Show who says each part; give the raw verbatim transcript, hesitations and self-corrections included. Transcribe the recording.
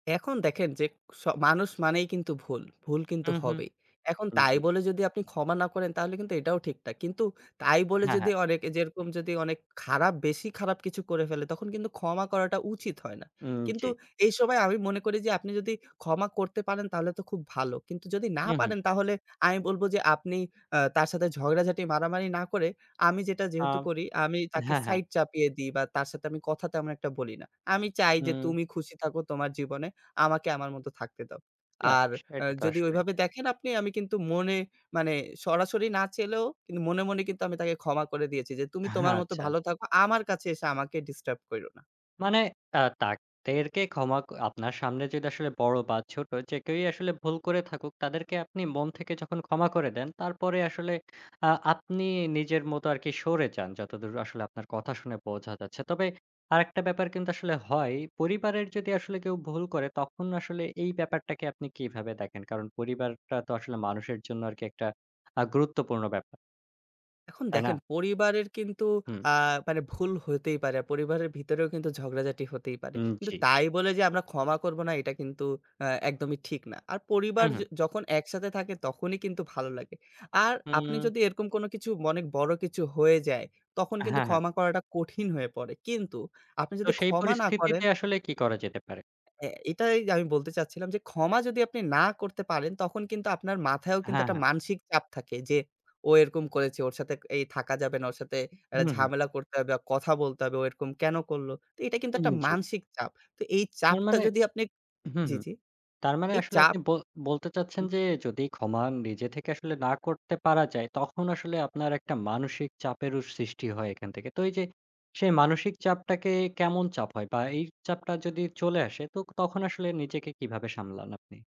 Speaker 1: এখন দেখেন যে স মানুষ মানেই কিন্তু ভুল, ভুল কিন্তু
Speaker 2: হু, হু।
Speaker 1: হবেই। এখন
Speaker 2: উ
Speaker 1: তাই
Speaker 2: জি।
Speaker 1: বলে যদি আপনি ক্ষমা না করেন, তাহলে কিন্তু এটাও ঠিক না। কিন্তু তাই বলে
Speaker 2: হ্যাঁ,
Speaker 1: যদি
Speaker 2: হ্যাঁ।
Speaker 1: অনেক এ যেরকম যদি অনেক খারাপ বেশি খারাপ কিছু করে ফেলে, তখন কিন্তু ক্ষমা করাটা উচিত হয় না।
Speaker 2: উম
Speaker 1: কিন্তু
Speaker 2: জ্বী।
Speaker 1: এই সময় আমি মনে করি যে আপনি যদি ক্ষমা করতে পারেন, তাহলে তো খুব ভালো। কিন্তু যদি না
Speaker 2: হুম, হুম।
Speaker 1: পারেন, তাহলে আমি বলব যে আপনি আ তার সাথে ঝগড়াঝাটি, মারামারি না করে, আমি যেটা
Speaker 2: আ
Speaker 1: যেহেতু করি, আমি তাকে
Speaker 2: হ্যাঁ, হ্যাঁ।
Speaker 1: সাইড চাপিয়ে দিই বা তার সাথে আমি কথা তেমন একটা বলি না। আমি চাই যে
Speaker 2: হুম।
Speaker 1: তুমি খুশি থাকো তোমার জীবনে, আমাকে আমার মতো থাকতে দাও।
Speaker 2: না,
Speaker 1: আর আ
Speaker 2: সেটা তো
Speaker 1: যদি
Speaker 2: আসলে।
Speaker 1: ওইভাবে দেখেন আপনি আমি কিন্তু মনে মানে সরাসরি না চেলেও, কিনু মনে, মনে কিন্তু আমি তাকে ক্ষমা করে দিয়েছি। যে তুমি তোমার
Speaker 2: হ্যাঁ,
Speaker 1: মতো
Speaker 2: আচ্ছা।
Speaker 1: ভালো থাকো, আমার কাছে এসে আমাকে ডিস্টার্ব কইরো না।
Speaker 2: মানে, আ তাকদেরকে ক্ষমা ক আপনার সামনে যদি আসলে বড় বা ছোট যে কেউই আসলে ভুল করে থাকুক, তাদেরকে আপনি মন থেকে যখন ক্ষমা করে দেন, তারপরে আসলে আ আপনি নিজের মতো আরকি, সরে যান। যতদূর আসলে আপনার কথা শুনে বোঝা যাচ্ছে। তবে আরেকটা ব্যাপার কিন্তু আসলে হয়। পরিবারের যদি আসলে কেউ ভুল করে, তখন আসলে এই ব্যাপারটাকে আপনি কিভাবে দেখেন? কারণ, পরিবারটা তো আসলে মানুষের জন্য আরকি একটা আ গুরুত্বপূর্ণ ব্যাপার।
Speaker 1: এখন
Speaker 2: তাই না?
Speaker 1: দেখেন, পরিবারের কিন্তু
Speaker 2: হুম।
Speaker 1: আ মানে ভুল হইতেই পারে। পরিবারের ভিতরেও কিন্তু ঝগড়াঝাটি হতেই পারে।
Speaker 2: হুম,
Speaker 1: কিন্তু
Speaker 2: জ্বী।
Speaker 1: তাই বলে যে আমরা ক্ষমা করব না, এটা কিন্তু অ্যা একদমই ঠিক না। আর পরিবার
Speaker 2: হুম,
Speaker 1: য
Speaker 2: হুম।
Speaker 1: যখন একসাথে থাকে তখনই কিন্তু ভালো লাগে। আর আপনি
Speaker 2: হুম।
Speaker 1: যদি এরকম কোনো কিছু অনেক বড় কিছু হয়ে যায়, তখন
Speaker 2: অ্যা
Speaker 1: কিন্তু
Speaker 2: হ্যাঁ, হ্যাঁ।
Speaker 1: ক্ষমা করাটা কঠিন হয়ে পড়ে। কিন্তু আপনি
Speaker 2: তো
Speaker 1: যদি
Speaker 2: সেই
Speaker 1: ক্ষমা না করেন
Speaker 2: পরিস্থিতিতে আসলে কি করা যেতে পারে?
Speaker 1: অ্যা এটাই আমি বলতে চাচ্ছিলাম যে ক্ষমা যদি আপনি না করতে পারেন, তখন কিন্তু আপনার মাথায়ও কিন্তু
Speaker 2: হ্যাঁ,
Speaker 1: একটা
Speaker 2: হ্যাঁ।
Speaker 1: মানসিক চাপ থাকে। যে ও এরকম করেছে, ওর সাথে এই থাকা যাবে না, ওর সাথে অ্যাটা
Speaker 2: হুম, হুম।
Speaker 1: ঝামেলা করতে হবে, কথা বলতে হবে ও এরকম কেনো করলো? তো এটা কিন্তু
Speaker 2: উম
Speaker 1: একটা
Speaker 2: জ্বী।
Speaker 1: মানসিক চাপ। তো এই
Speaker 2: তার
Speaker 1: চাপটা
Speaker 2: মানে
Speaker 1: যদি আপনি
Speaker 2: হু,
Speaker 1: জ্বী,
Speaker 2: হুম।
Speaker 1: জ্বী।
Speaker 2: তার মানে
Speaker 1: এই
Speaker 2: আসলে
Speaker 1: চাপ
Speaker 2: আপনি ব বলতে
Speaker 1: হু।
Speaker 2: চাচ্ছেন যে যদি ক্ষমা নিজে থেকে আসলে না করতে পারা যায়, তখন আসলে আপনার একটা মানসিক চাপেরও সৃষ্টি হয় এখান থেকে। তো এইযে সেই মানসিক চাপটাকে কেমন চাপ হয়? বা এই চাপটা যদি চলে আসে তোক তখন আসলে নিজেকে কিভাবে সামলান আপনি?